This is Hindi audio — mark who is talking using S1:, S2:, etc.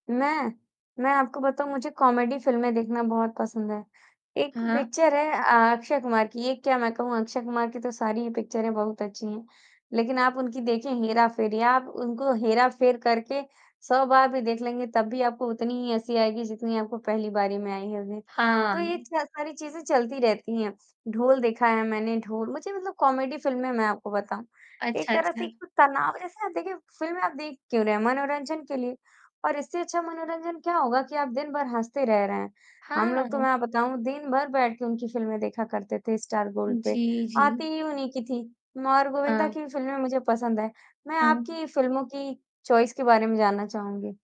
S1: मैं मैं आपको बताऊँ मुझे कॉमेडी फ़िल्में देखना बहुत पसंद है। 1
S2: हाँ, हाँ।
S1: पिक्चर है अ अक्षय कुमार की, ये क्या मैं कहूँ अक्षय कुमार की तो सारी ही पिक्चरें बहुत अच्छी हैं, लेकिन आप उनकी देखें हेरा-फेरी आप उनको हेरा-फेर करके 100 बार भी देख लेंगे तब भी आपको उतनी ही हँसी आएगी जितनी आपको पहली बारी में आई होगी। तो ये
S2: हाँ।
S1: च सारी चीज़ें चलती रहती हैं। ढोल देखा है मैंने ढोल मुझे मतलब कॉमेडी फ़िल्में मैं आपको बताऊँ। एक
S2: अच्छा,
S1: तरह से
S2: अच्छा।
S1: एक तो तनाव जैसा ना आप देखिए फ़िल्में आप देख क्यों रहे हैं? मनोरंजन के लिए और इससे अच्छा मनोरंजन क्या होगा कि आप दिन भर हँसते रह रहें। हम लोग तो
S2: हाँ।
S1: मैं आप बताऊँ दिन भर बैठ के उनकी फ़िल्में देखा करते थे स्टार गोल्ड पे।
S2: जी,
S1: आती
S2: जी।
S1: ही उन्हीं की थी और गोविंदा
S2: हाँ।
S1: की भी फ़िल्में मुझे पसंद है, मैं
S2: हाँ।
S1: आपकी फ़िल्मों की चॉइस के बारे में जानना चाहूँगी?